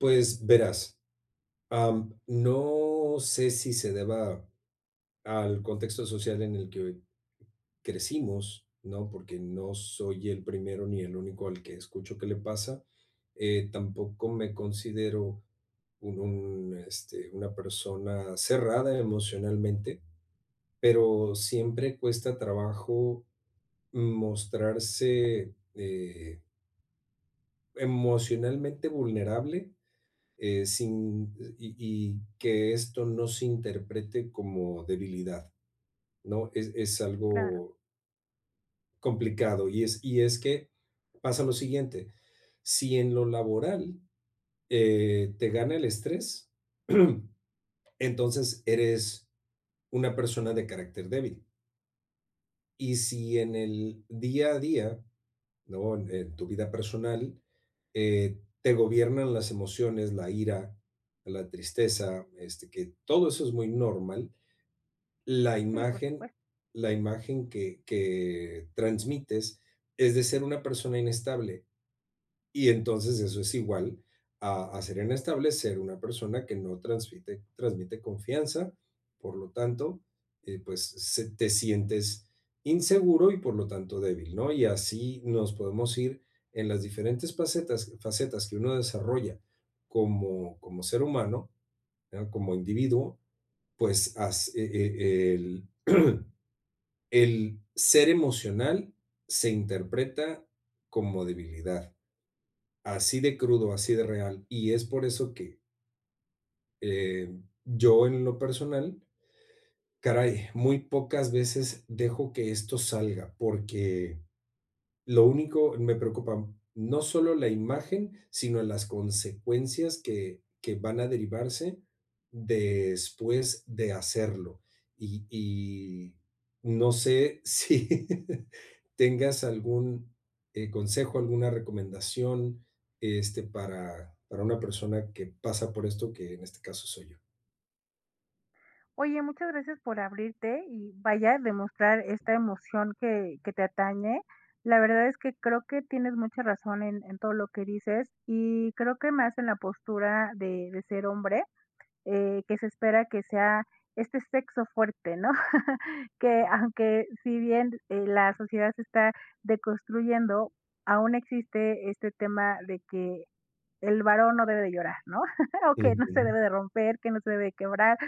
Pues, verás, am, no sé si se deba al contexto social en el que crecimos, ¿no?, porque no soy el primero ni el único al que escucho que le pasa, eh, tampoco me considero u un, este, una persona cerrada emocionalmente, pero siempre cuesta trabajo mostrarse, eh emocionalmente vulnerable, eh, sin y y y que esto no se interprete como debilidad, ¿no? Es es Claro. algo complicado, y es y es que pasa lo siguiente, si en lo laboral, eh, te gana el estrés, entonces eres una persona de carácter débil y si en el día a día, ¿no?, en tu vida personal, eh, te gobiernan las emociones, la ira, la tristeza, este, que todo eso es muy normal, la Sí, por imagen supuesto. la imagen que que transmites es de ser una persona inestable, y entonces eso es igual a a ser inestable, ser una persona que no transmite transmite confianza, por lo tanto, eh, pues se te sientes inseguro y, por lo tanto, débil, ¿no? Y así nos podemos ir en las diferentes facetas facetas que uno desarrolla como como ser humano, ah, como individuo, pues, as e e el el ser emocional se interpreta como debilidad, así de crudo, así de real, y es por eso que em, yo en lo personal, caray, muy pocas veces dejo que esto salga, porque lo único me preocupan, no solo la imagen, sino las consecuencias que que van a derivarse después de hacerlo. Y y no sé si tengas algún, eh, consejo, alguna recomendación, este, para para una persona que pasa por esto, que en este caso soy yo. Oye, muchas gracias por abrirte, y vaya, demostrar esta emoción que que te atañe. La verdad, es que creo que tienes mucha razón en en todo lo que dices, y creo que más en la postura de de ser hombre, eh, que se espera que sea este sexo fuerte, ¿no? Que, aunque si bien, eh, la sociedad se está deconstruyendo, aún existe este tema de que el varón no debe de llorar, ¿no?, o que no se Ujú. debe de romper, que no se debe de quebrar,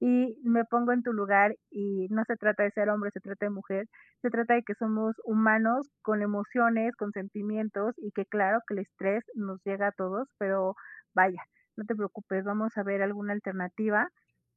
y me pongo en tu lugar, y no se trata de ser hombre, se trate de mujer, se trata de que somos humanos con emociones, con sentimientos, y que claro que el estrés nos llega a todos, pero vaya, no te preocupes. Vamos a ver alguna alternativa,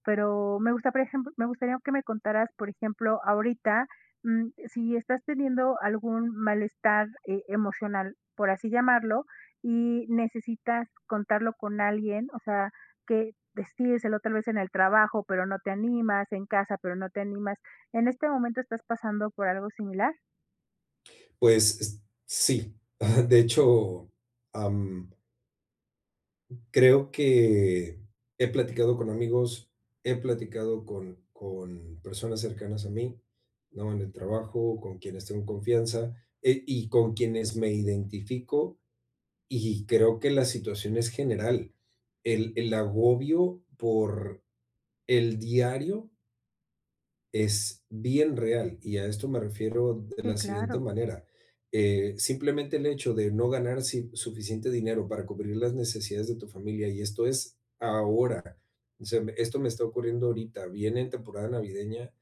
pero me gusta por ejemplo, me gustaría que me contaras, por ejemplo, ahorita, mm, si estás teniendo algún malestar e emocional, por así llamarlo, y necesitas contarlo con alguien, o sea, que decírselo tal vez en el trabajo, pero no te animas, en casa, pero no te animas. ¿En este momento estás pasando por algo similar? Pues, s sí. Ajá, de hecho, am creo que he platicado con amigos, he platicado con con personas cercanas a mí, ¿no? En el trabajo, con quienes tengo confianza e y con quienes me identifico, y creo que la situación es general, el el agobio por el diario es bien real, y a esto me refiero d de Sí, la siguiente claro. manera, eh, simplemente el hecho de no ganar, si suficiente dinero para cubrir las necesidades de tu familia, y esto es ahora, o sea, m esto me está ocurriendo ahorita, viene en temporada navideña,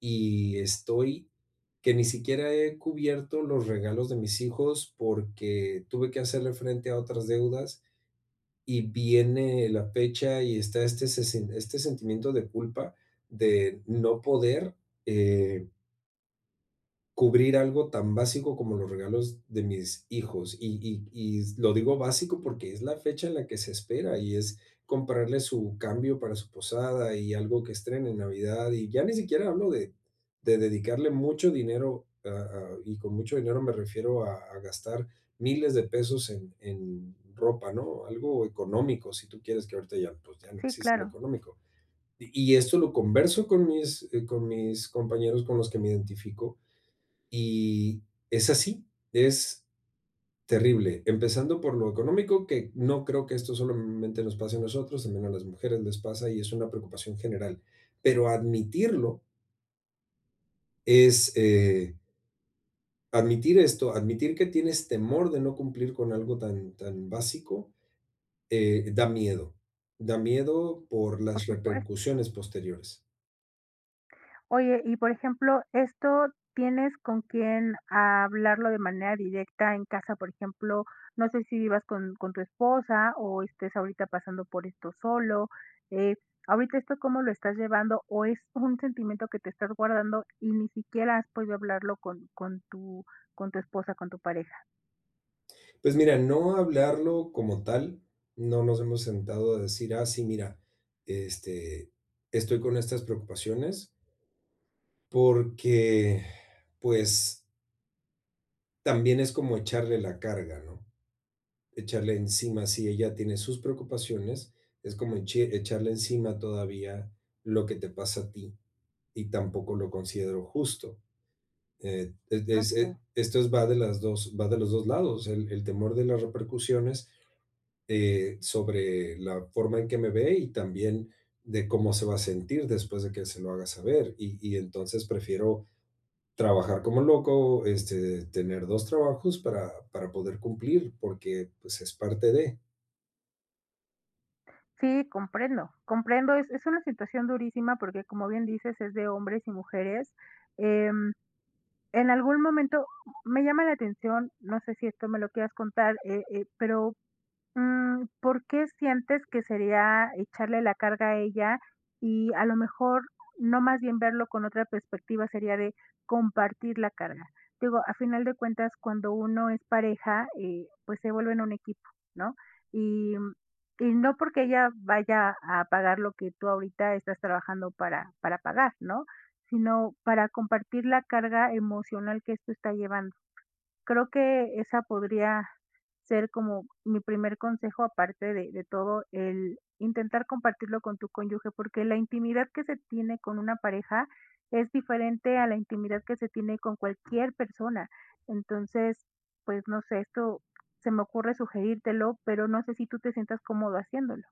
y estoy que ni siquiera he cubierto los regalos de mis hijos porque tuve que hacerle frente a otras deudas, y viene la fecha y está este s se este sentimiento de culpa de no poder, eh cubrir algo tan básico como los regalos de mis hijos, y y y lo digo básico porque es la fecha en la que se espera, y es comprarle su cambio para su posada y algo que estrene en Navidad. Y ya ni siquiera hablo de de dedicarle mucho dinero, a a, y con mucho dinero me refiero a a gastar 1000 de pesos en en ropa, ¿no? Algo económico, si tú quieres que ahorita ya, pues, ya no Sí, existe lo claro. económico. Y y esto lo converso con mis eh, con mis compañeros con los que me identifico, y es así, es terrible. Empezando por lo económico, que no creo que esto solamente nos pase a nosotros, sino a las mujeres les pasa, y es una preocupación general. Pero admitirlo es, eh admitir esto, admitir que tienes temor de no cumplir con algo tan tan básico, eh, da miedo, da miedo por Por las supuesto. repercusiones posteriores. Oye, y por ejemplo, ¿esto tienes con quién hablarlo de manera directa en casa? Por ejemplo, no sé si vivas con con tu esposa o estés ahorita pasando por esto solo, eh, ¿ahorita esto cómo lo estás llevando, o es un sentimiento que te estás guardando y ni siquiera has podido hablarlo con con tu con tu esposa, con tu pareja? Pues mira, no hablarlo como tal, no nos hemos sentado a decir, ah, sí, mira, este, estoy con estas preocupaciones porque, pues también es como echarle la carga, ¿no? Echarle encima, si ella tiene sus preocupaciones, es como eche echarle encima todavía lo que te pasa a ti, y tampoco lo considero justo. Eh, desde Okey. ese esto es va de las 2 va de los 2 lados, o sea, el el temor de las repercusiones, eh, sobre la forma en que me ve, y también de cómo se va a sentir después de que se lo haga saber, y y entonces prefiero trabajar como loco, este, tener 2 trabajos para para poder cumplir, porque, pues, es parte de. Sí, comprendo, comprendo, es es una situación durísima porque, como bien dices, es de hombres y mujeres, em, en algún momento, me llama la atención, no sé si esto me lo quieras contar, eh eh, pero, mm, ¿por qué sientes que sería echarle la carga a ella?, y a lo mejor, no más bien verlo con otra perspectiva, sería de compartir la carga. Digo, a final de cuentas cuando uno es pareja, eh, pues se vuelven un equipo, ¿no?, y, mm, y no porque ella vaya a pagar lo que tú ahorita estás trabajando para para pagar, ¿no?, sino para compartir la carga emocional que esto está llevando, creo que esa podría ser como mi primer consejo aparte de de todo, el intentar compartirlo con tu cónyuge, porque la intimidad que se tiene con una pareja es diferente a la intimidad que se tiene con cualquier persona. Entonces, pues no sé, esto se me ocurre sugerírtelo, pero no sé si tú te sientas cómodo haciéndolo.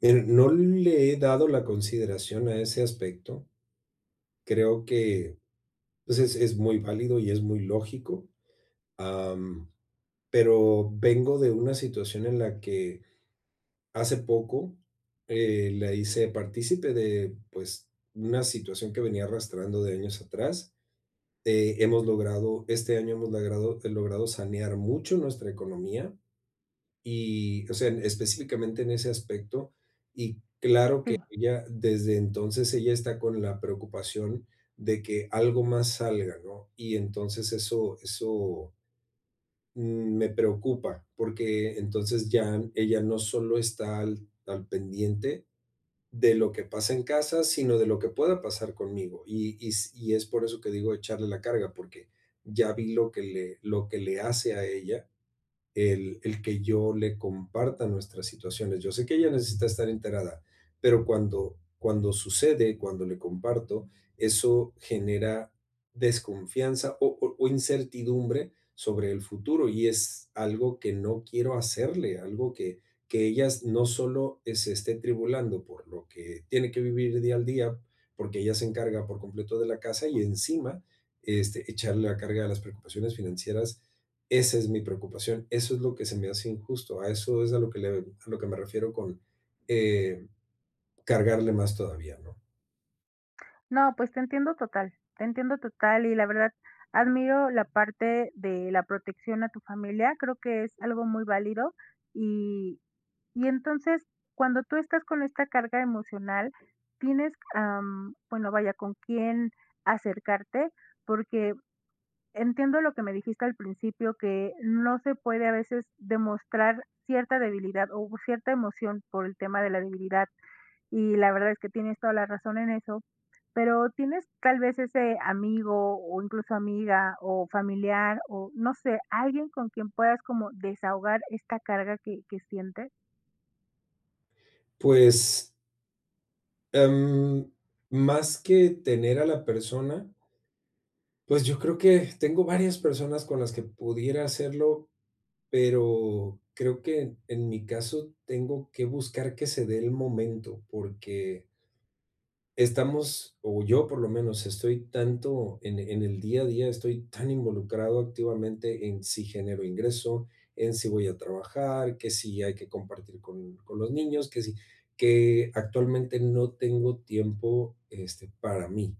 Eh, no le he dado la consideración a ese aspecto. Creo que, pues es es muy válido y es muy lógico, ah, mm, pero vengo de una situación en la que hace poco, eh, la hice partícipe de, pues una situación que venía arrastrando de años atrás, eh, hemos logrado, este año hemos logrado he logrado sanear mucho nuestra economía, y, o sea, específicamente en ese aspecto, y claro que Sí. ella desde entonces ella está con la preocupación de que algo más salga, ¿no? Y entonces eso eso mm, me preocupa, porque entonces ya ella no solo está al al pendiente de lo que pasa en casa, sino de lo que pueda pasar conmigo, y y s y es por eso que digo de echarle la carga, porque ya vi lo que le lo que le hace a ella el el que yo le comparta nuestras situaciones. Yo sé que ella necesita estar enterada, pero cuando cuando sucede, cuando le comparto, eso genera desconfianza o o o incertidumbre sobre el futuro, y es algo que no quiero hacerle, algo que que ella s no solo, eh, se esté tribulando por lo que tiene que vivir día al día, porque ella se encarga por completo de la casa, y encima, este, echarle la carga a las preocupaciones financieras, esa es mi preocupación, eso es lo que se me hace injusto, a eso es a lo que le a lo que me refiero con, eh, cargarle más todavía, ¿no? No, pues te entiendo total, te entiendo total, y la verdad admiro la parte de la protección a tu familia, creo que es algo muy válido y y entonces, cuando tú estás con esta carga emocional tienes, am, bueno, vaya, ¿con quién acercarte? Porque entiendo lo que me dijiste al principio, que no se puede a veces demostrar cierta debilidad o cierta emoción por el tema de la debilidad, y la verdad es que tienes toda la razón en eso, pero ¿tienes tal vez ese amigo, o incluso amiga o familiar o, no sé, alguien con quien puedas como desahogar esta carga que que sientes? Pues em, más que tener a la persona pues, yo creo que tengo varias personas con las que pudiera hacerlo, pero, creo que en mi caso tengo que buscar que se dé el momento, porque estamos, o yo por lo menos estoy tanto en en el día a día, estoy tan involucrado activamente en si genero ingreso, en si voy a trabajar, que si hay que compartir con con los niños, que si que actualmente no tengo tiempo, este, para mí.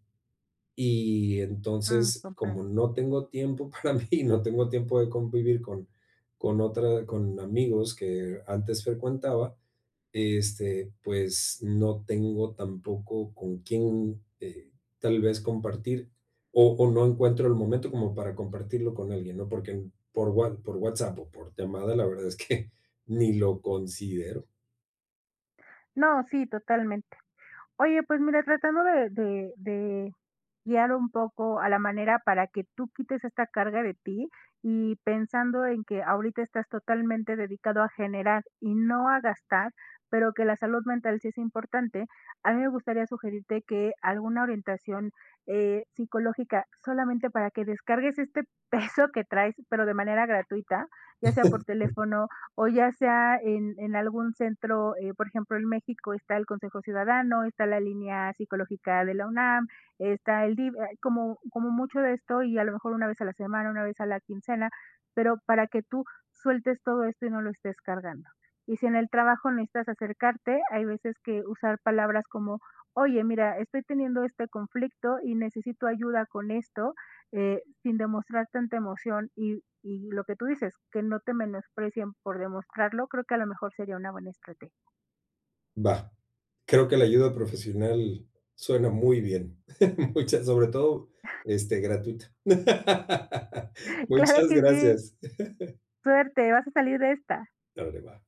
Y Mm, entonces, compre como no tengo tiempo para mí y no tengo tiempo de convivir con con otra con amigos que antes frecuentaba, este, pues no tengo tampoco con quién, eh, tal vez compartir, o o no encuentro el momento como para compartirlo con alguien, ¿no? Porque n por Wha por WhatsApp o por llamada, la verdad es que ni lo considero. No, sí, totalmente. Oye, pues mira, tratando de de de guiar un poco a la manera para que tú quites esta carga de ti, y pensando en que ahorita estás totalmente dedicado a generar y no a gastar, pero que la salud mental sí es importante, a mí me gustaría sugerirte que alguna orientación, eh, psicológica, solamente para que descargues este peso que traes, pero de manera gratuita, ya sea por teléfono o ya sea en en algún centro, eh, por ejemplo, en México está el Consejo Ciudadano, está la línea psicológica de la UNAM, está el DIF, hay como como mucho de esto y a lo mejor una vez a la semana, una vez a la quincena, pero para que tú sueltes todo esto y no lo estés cargando. Y si en el trabajo necesitas acercarte, hay veces que usar palabras como: "Oye, mira, estoy teniendo este conflicto y necesito ayuda con esto", eh, sin demostrar tanta emoción, y y lo que tú dices, que no te menosprecien por demostrarlo, creo que a lo mejor sería una buena estrategia. Va. Creo que la ayuda profesional suena muy bien. Muchas sobre todo, este gratuita. Claro Muchas que sí. gracias. Suerte, vas a salir de esta. Claro, que va.